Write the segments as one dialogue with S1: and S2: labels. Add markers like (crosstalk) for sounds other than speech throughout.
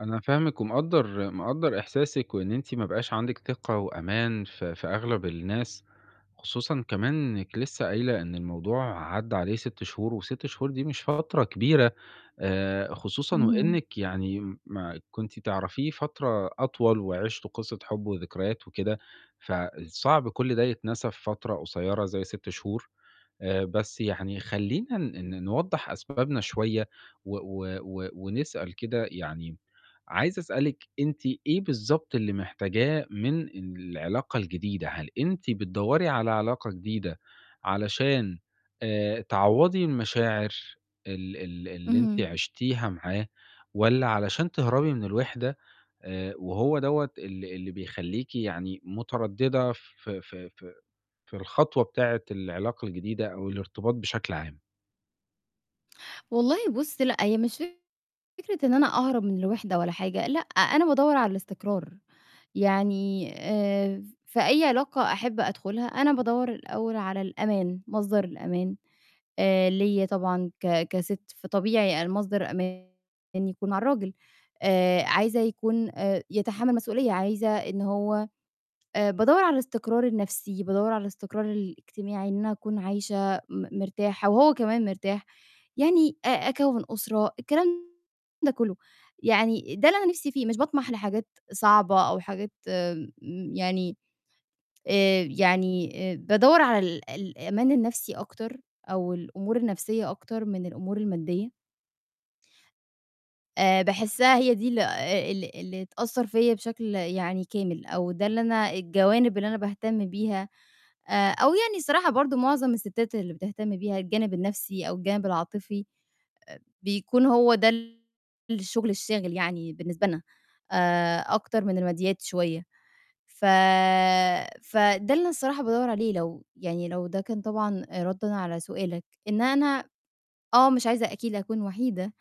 S1: أنا فاهمِك ومقدّر، مقدّر إحساسِك وإن أنتِ ما بقاش عندِك ثقة وأمان في في أغلَب الناس. خصوصًا كمان إنِّك لسّه قايلة إن الموضوع عدّى عليه 6 شهور و6 شهور دي مش فترة كبيرة، آآ، خصوصًا
S2: إمم.
S1: وإنِّك يعني ما كنتِ تعرفيه فترة أطول وعِشتوا قِصّة حُب وذكريات وكده، فصعب كُلّ ده يتنسى في فترة قصيّرة زي 6 شهور. آآ، بس يعني خلّينا ن ن نوضّح أسبابنا شوية و و و ونسأل كده يعني، عايز أسألِك أنتِ إيه بالضبط اللي محتاجاه من العلاقة الجديدة؟ هل أنتِ بتدوّري على علاقة جديدة علشان آآ، تعوّضي المشاعر ال ال اللي أنتِ
S2: إمم.
S1: عِشتيها معاه، والّا علشان تهربي من الوِحدة آآ، وهو دوّة اللي اللي بيخلّيكِ يعني متردِّدة في في في في الخطوة بتاعة العلاقة الجديدة أو الارتباط بشكل عام؟
S2: والله، بُصّ، لأ، هي مش فكرة إن أنا أهرب من الوِحدة ولا حاجة، لأ، أنا بادوّر على الاستقرار. يعني آآ، ف في أي علاقة أحِب أدخُلها، أنا بادوّر الأول على الأمان، مصدر الأمان آآ، ليّا طبعًا ك كسِت، فطبيعي أنا مصدر أماني يكون مع الراجل. آآ، عايزة يكون آآ، يتحمَّل مسئولية، عايزة إن هو آآ، بادوّر على الاستقرار النَفْسي، بادوّر على الاستقرار الاجتماعي، إن أنا أكون عايشة م مرتاحة وهو كمان مرتاح. يعني أ أكوِّن أسرة، الكلام ده كُلّه. يعني ده اللي أنا نِفْسي فيه، مش باطمَح لحاجات صعبة أو حاجات م يعني آآ، يعني آآ، بادوّر على ال الأمان النَفْسي أكتر أو الأمور النَفْسية أكتر من الأمور المادّية. آآ، باحسّها هي دي ال آآ، ال اللي تأثّر فيّا بشكل يعني كامل، أو ده اللي أنا الجوانب اللي أنا باهتم بيها. آآ، أو يعني الصراحة برضو معظم السِتّات اللي بتهتم بيها الجانب النَفْسي أو الجانب العاطفي، آآ، بيكون هو ده الشُغل الشاغِل يعني بالنسبة لنا آآ، أكتر من المادّيات شوية. ف فده اللي أنا صراحة بادوّر عليه لو يعني لو ده كان طبعًا آآ، رَدًا على سؤالك، إن أنا آه، مش عايزة أكيد أكون وحيدة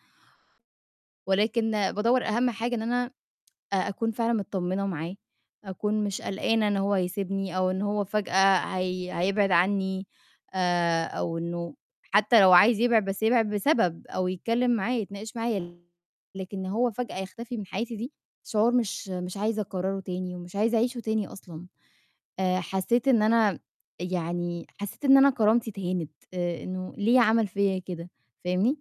S2: ولكن بادوّر أهَم حاجة إن أنا (tsk) أ أكون فعلًا متطمنة معاه، أكون مش قلقانة إن هو هيسيبني أو إن هو فجأة هي هيبعد عنّي آآ، أو إنه حتّى لو عايز يبعد بس يبعد بسبب أو يتكلِّم معايا، يتناقش معايا، لكن إن هو فجأة يختفي من حياتي دي شعور مش مش عايزة أكرّره تاني ومش عايزة أعيشه تاني أصلًا. آآ، حسّيت إن أنا يعني حسّيت إن أنا كرامتي اتهانت، آآ، إنه ليه عَمَل فيّا كده، فاهمني؟